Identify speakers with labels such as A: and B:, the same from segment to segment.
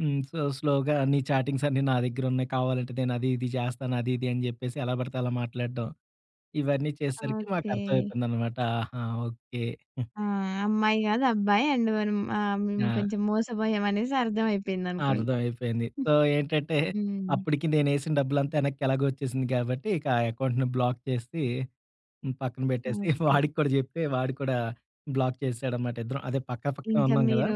A: హ్మ్. సో, స్లోగా అన్ని చాటింగ్సన్నీ నా దగ్గరున్నాయి. కావాలంటే నేనది ఇది జేస్తాను. అది ఇది అని చెప్పేసి, ఎలా పడితే అలా మాట్లాడడం ఇవన్నీ చేసేసరికి
B: ఓకే.
A: మాకర్థమైపోయిందనమాట ఆహా! ఓకే.
B: ఆ అమ్మాయి కాదు అబ్బాయి. అండ్ మనం ఆహ్, మేము
A: ఆ!
B: కొంచెం మోసపోయాం అనేసర్థం అయిపోయిందనుకుంటా.
A: అర్థ‌మైపోయింది. సో ఏంటంటే
B: హ్మ్.
A: అప్పటికి నే‌నేసిన డబ్బులంతా వెనక్కి ఎలాగో వచ్చేసింది కాబట్టి ఇక ఆ అకౌంట్‌ని బ్లాక్ చేసి, పక్కన పెట్టేసి
B: ఓకే.
A: వాడిక్కూడా చెప్పి, వాడు కూడా బ్లాక్ చేశాడన్నమాట. ఇద్దరం అదే పక్క పక్క
B: ఇంకా
A: ఉన్నాం కదా!
B: మీరు,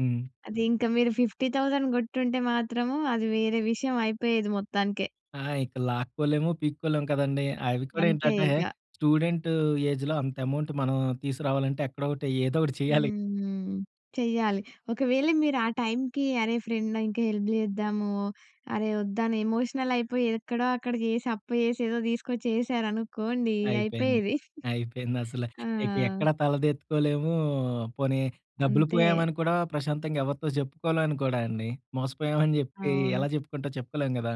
A: హ్మ్.
B: అది ఇంక మీరు 50,000 కొట్టుంటే మాత్రము అది వేరే విషయమైపోయేది మొత్తానికే.
A: ఆ ఇక లాక్కోలేము, పీక్కోలేము కదండీ! అవి కూడా
B: అంతే
A: ఏంటంటే
B: ఇగ.
A: స్టూడెంటు ఏజ్‌లో అంత అమౌంట్ మనం తీసుకురావాలంటే ఎక్కడోకటి ఏదోకటి చేయాలి.
B: హ్మ్. చెయ్యాలి. ఒకవేళ మీరు ఆ టైమ్‌కి అరే ఫ్రెండ్ ఇంక హెల్ప్ చేద్దాము, అరె వద్దనే ఎమోషనలయిపోయి ఎక్కడో అక్కడ చేసి అప్పు చేసి ఏదో తీసుకొచేసారనుకోండి
A: అయిపోయింది.
B: అయిపోయేది.
A: అయిపోయిందసల.
B: ఆ!
A: ఇక ఎక్కడ తల ఎత్తుకోలేము, పోనీ డబ్బులు
B: అంతే.
A: పోయామ‌ని కూడా ప్రశాంతంగా ఎవరితో చెప్పుకోలేను కూడండి. మోసపోయామని చెప్పి
B: అవును.
A: ఎలా చెప్పుకుంటాం? చెప్పుకోలేం కదా!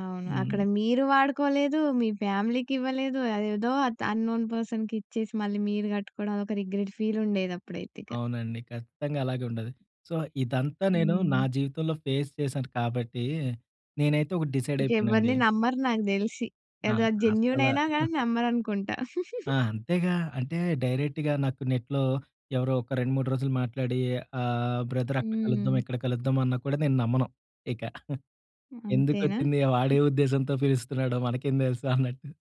B: అవును. అక్కడ
A: హ్మ్.
B: మీరు వాడుకోలేదు, మీ ఫ్యామిలీకివ్వలేదు, అదేదో ఆత్ అన్నోన్ పర్సన్‌కిచ్చేసి, మళ్ళీ మీరు కట్టుకోవడం అది ఒక రిగ్రెట్ ఫీలుండేది అప్పుడైతే ఇక.
A: అవునండి ఖచ్చితంగా అలాగుండదు. సో, ఇదంతా నేను నా
B: హ్మ్.
A: జీవితంలో ఫేస్ చేశాను. కాబట్టి నేనైతే ఒకటి డిసైడ్ అయిపోయానండి.
B: ఇంకెవరిని నమ్మరు నాకు తెలిసి.
A: ఆ!
B: ఏదో
A: అసల
B: జెన్యూనయినా గాని నమ్మరనుకుంటా.
A: ఆ! అంతేగా. అంటే డైరెక్ట్‌గా నాకు నెట్‌లో ఎవరో ఒక 2 3 రోజులు మాట్లాడి ఆ బ్రదర్ అక్కడ కలుద్దాం,
B: హ్మ్.
A: ఇక్కడ కలుద్దాం అన్న కూడా నేను నమ్మను ఇక.
B: అంతేనా?
A: ఎందుకొచ్చింది వాడే
B: హ్మ్.
A: ఉద్దేశంతో పిలుస్తున్నాడో మనకేం తెలుసు అన్నట్టు.